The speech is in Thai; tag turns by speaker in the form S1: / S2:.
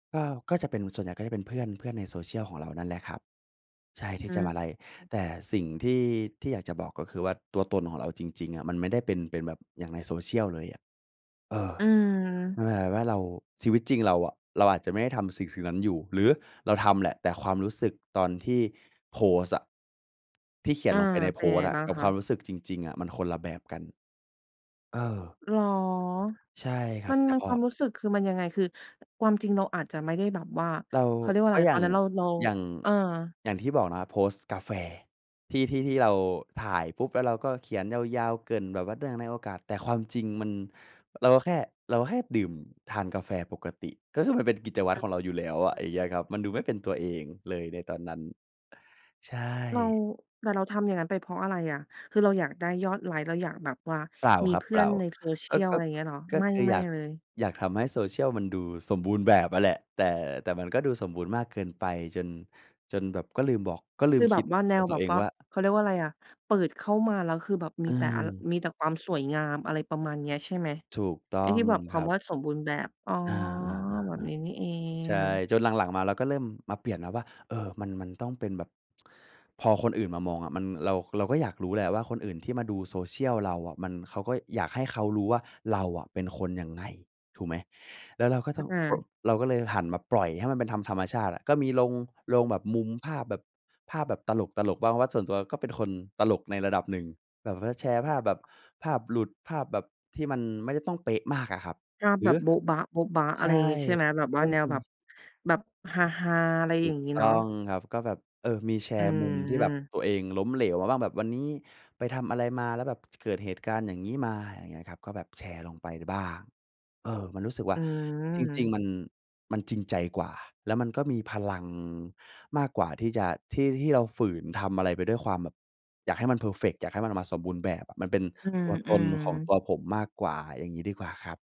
S1: ก็ ก็จะเป็น ส่วนใหญ่ก็จะเป็นเพื่อน เพื่อนใน Social ของเรานั่นแหละครับ ใช่
S2: อื
S1: ท
S2: อ
S1: ี่จะมาไลก์
S2: อืม
S1: แต่สิ่งที่ ที่อยากจะบอก ก็คือว่าตัวตนของเราจริง ๆ อะ มันไม่ได้เป็น เป็นแบบอย่างใน Social เลยอะ เออ
S2: อื
S1: มั
S2: ม
S1: นแบบว่าเรา ชีวิตจริงเราอะ เราอาจจะไม่ได้ทำสิ่ง ๆ นั้นอยู่ หรือเราทำแหละ แต่ความรู้สึกตอนที่โพสต์อะ ที่เขีย
S2: อ
S1: น
S2: า
S1: ลงไปใน
S2: เป
S1: โพ
S2: ็นยั
S1: ส
S2: งไง
S1: ต์อะ
S2: บ้าง
S1: กับ
S2: ค
S1: ค
S2: ะ?
S1: วามรู้สึกจริง ๆ อะ มันคนละแบบกัน เออ
S2: เหรอ
S1: ใช่ครั
S2: มั
S1: บ
S2: น
S1: แต่
S2: มัน
S1: พ
S2: คว
S1: อ
S2: ามรู้สึกคือมันยังไง? คือความจริงเราอาจจะไม่ได้แบบว่า
S1: เรา
S2: เขาเรียกว่า
S1: ก็
S2: ไร
S1: อย่
S2: ต
S1: า
S2: อน
S1: ง
S2: นั้นเรา เรา
S1: อย่าง
S2: เออ
S1: อย่างที่บอกนะครับ โพสต์กาแฟ ที่ ที่ ที่เราถ่ายปุ๊บ แล้วเราก็เขียนยาว ๆ เกริ่นแบบว่าเนื่องในโอกาส แต่ความจริงมัน เราก็แค่ เราก็แค่ดื่ม ทานกาแฟปกติ ก็คือมันเป็นกิจวั
S2: ค
S1: ตร
S2: ่ะ
S1: ของเราอยู่แล้วอ
S2: อื
S1: ะ
S2: อ
S1: อย่
S2: ฮ
S1: างเงี้
S2: ึ
S1: ยครับ มันดูไม่เป็นตัวเองเลย ในตอนนั้น ใช
S2: เรา
S1: ่
S2: แต่เราทำอย่างงั้นไปเพราะอะไรอะ? คือเราอยากได้ยอดไลก์ เราอยากแบบว่า
S1: เปล่า
S2: มี
S1: ครับ
S2: เพ
S1: เ
S2: ื่
S1: ปล
S2: อ
S1: ่
S2: น
S1: า
S2: ใน
S1: ก็
S2: Social
S1: ก็
S2: ไรเงี้ยเหรอ?
S1: ก็
S2: ไม่
S1: คือ
S2: ไม
S1: อย
S2: ่
S1: าก
S2: เลย
S1: อยากทำให้ Social มันดูสมบูรณ์แบบอะแหละ แต่ แต่มันก็ดูสมบูรณ์มากเกินไป จน จนแบบก็ลืมบอก ก็ลื
S2: คื
S1: ม
S2: อแบ
S1: คิ
S2: บ
S1: ด
S2: ว่า แน
S1: กับ
S2: ว
S1: ต
S2: แ
S1: ั
S2: บ
S1: ว
S2: บ
S1: เอง
S2: ว่า
S1: ว่า
S2: เขาเรียกว่าไรอะ เปิดเข้ามาแล้ว คือแบบมีแต่ อัน
S1: เออ
S2: มีแต่ความสวยงาม อะไรประมาณเนี้ยใช่ไหม?
S1: ถูกต้
S2: ไอ้
S1: อ
S2: ท
S1: ง
S2: ี่แบบค
S1: ครั
S2: ำ
S1: บ
S2: ว่าสมบูรณ์แบบ อ๋อ
S1: อา
S2: แบ
S1: ๆ
S2: บนี้นี่เอ
S1: ๆ ๆ ใช่
S2: ง
S1: จนหลัง ๆ มาเราก็เริ่มมาเปลี่ยนนะว่า เออ มัน มันต้องเป็นแบบ พอคนอื่นมามองอะ มัน เรา เราก็อยากรู้แหละว่า คนอื่นที่มาดู Social เราอะ มัน เขาก็ อยากให้เขารู้ว่า เราอะเป็นคนยังไง ถูกไหม? แล้วเราก็ต้
S2: อ
S1: อง ร
S2: า
S1: เราก็เลยหันมาปล่อยให้มันเป็นธรรม ธรรมชาติอะ ก็มีลง ลงแบบมุมภาพแบบ ภาพแบบตลก ๆ บ้าง เพราะว่าส่วนตัวก็เป็นคนตลกในระดับหนึ่ง แบบว่าแชร์ภาพแบบ
S2: [unintelligible]
S1: ภาพหลุด ภาพแบบที่มันไม่ได้ต้องเป๊ะมากอะครับ
S2: ภาพ
S1: หร
S2: แบ
S1: ือ
S2: บโบ๊ะบ๊ะ ๆ อ
S1: ใช
S2: ะไร
S1: ่
S2: อย่างงี้ ใช่ไหม แบบ
S1: ก
S2: ว่า
S1: ็
S2: แน
S1: ม
S2: วแบบ
S1: ี
S2: แบบฮา ๆ อะไร
S1: ถ
S2: อย
S1: ู
S2: ่า
S1: ก
S2: งงี้
S1: ต
S2: เ
S1: ้
S2: น
S1: อ
S2: าะ
S1: งครับ ก็แบบ เออ มีแช
S2: อื
S1: ร์มุมที่แบบ
S2: ม
S1: ตัวเองล้มเหลวมาว่าแบบวันนี้ไปทำอะไรมา แล้วแบบ เกิดเหตุการณ์อย่างงี้มา อย่างเงี้ยครับ ก็แบบแชร์ลงไปบ้าง เออ มันรู้สึกว่
S2: อ
S1: า
S2: ื
S1: จริง
S2: ม
S1: ๆ มัน มันจริงใจกว่า แล้วมันก็มีพลังมากกว่าที่จะ ที่ ที่เราฝืนทำอะไรไปด้วยความแบบ อยากให้มันเพอร์เฟกต์ อยากให้มันออกมาสมบูรณ์แบบอะ มันเป็น
S2: อื
S1: ตัวตนของตั
S2: ม ๆ
S1: วผมมากกว่า อย่างงี้ดีกว่าครับ